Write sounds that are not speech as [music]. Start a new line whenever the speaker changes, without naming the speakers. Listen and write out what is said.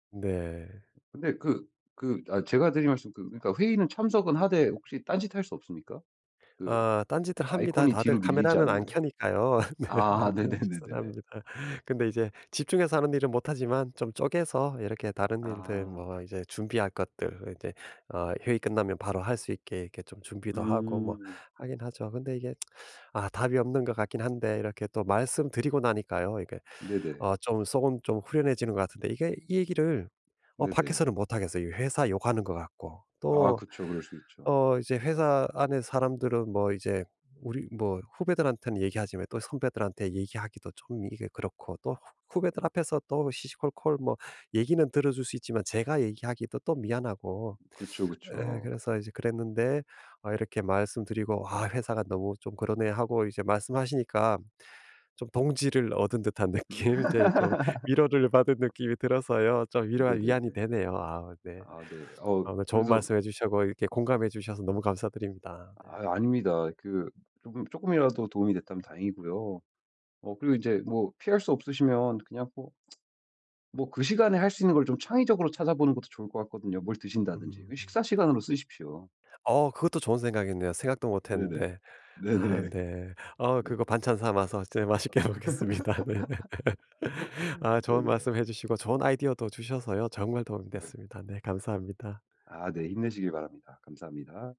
네.
근데 그 그 아 제가 드릴 말씀은 그 그러니까 회의는 참석은 하되 혹시 딴짓 할 수 없습니까? 그
어. 딴짓들 합니다.
아이콘이
다들
뒤로 밀리지
카메라는 안
않으면.
켜니까요. 네 네.
아.
딴짓은
네네네네네.
합니다. 근데 이제 집중해서 하는 일은 못 하지만 좀 쪼개서 이렇게 다른 일들
아.
뭐 이제 준비할 것들 이제 어 회의 끝나면 바로 할 수 있게 이렇게 좀 준비도 하고 뭐
음.
하긴 하죠. 근데 이게 [tsk] 아 답이 없는 것 같긴 한데 이렇게 또 말씀드리고 나니까요, 이게
네네.
어 좀 속은 좀 후련해지는 것 같은데 이게 이 얘기를 어
네네.
밖에서는 못 하겠어요. 이 회사 욕하는 것 같고.
아
또
그쵸. 그럴 수 있죠.
어 이제 회사 안에 사람들은 뭐 이제 우리 뭐 후배들한테는 얘기하지만 또 선배들한테 얘기하기도 좀 이게 그렇고 또 후 후배들 앞에서 또 시시콜콜 뭐 얘기는 들어줄 수 있지만 제가 얘기하기도 또 미안하고.
그쵸,
예
그쵸.
그래서 이제 그랬는데 어 이렇게 말씀드리고 아 회사가 너무 좀 그러네 하고 이제 말씀하시니까 좀 동지를 얻은 듯한 느낌 이제 좀 위로를 받은
[laughs]
느낌이 들어서요. 좀 위로와 위안이
네네네.
되네요. 아 네.
아 네. 어
아 좋은
그래서
말씀해 주시고 이렇게 공감해 주셔서 너무 감사드립니다. 네.
아이 아닙니다. 그 쪼금 쪼끔이라도 도움이 됐다면 다행이고요. 어 그리고 인제 뭐 피할 수 없으시면 그냥 뭐 [tsk] 뭐 그 시간에 할 수 있는 걸 좀 창의적으로 찾아보는 것도 좋을 것 같거든요. 뭘 드신다든지,
음.
그 식사시간으로 쓰십시오.
아 그것도 좋은 생각이네요 생각도
네네.
못했는데.
네네.
아 네. 아
네.
그거 반찬 삼아서 저 맛있게 먹겠습니다 네. [laughs]
[laughs]
아 좋은
네네.
말씀해 주시고 좋은 아이디어도 주셔서요 정말 도움이
네네.
됐습니다. 네 감사합니다.
아 네. 힘내시길 바랍니다. 감사합니다.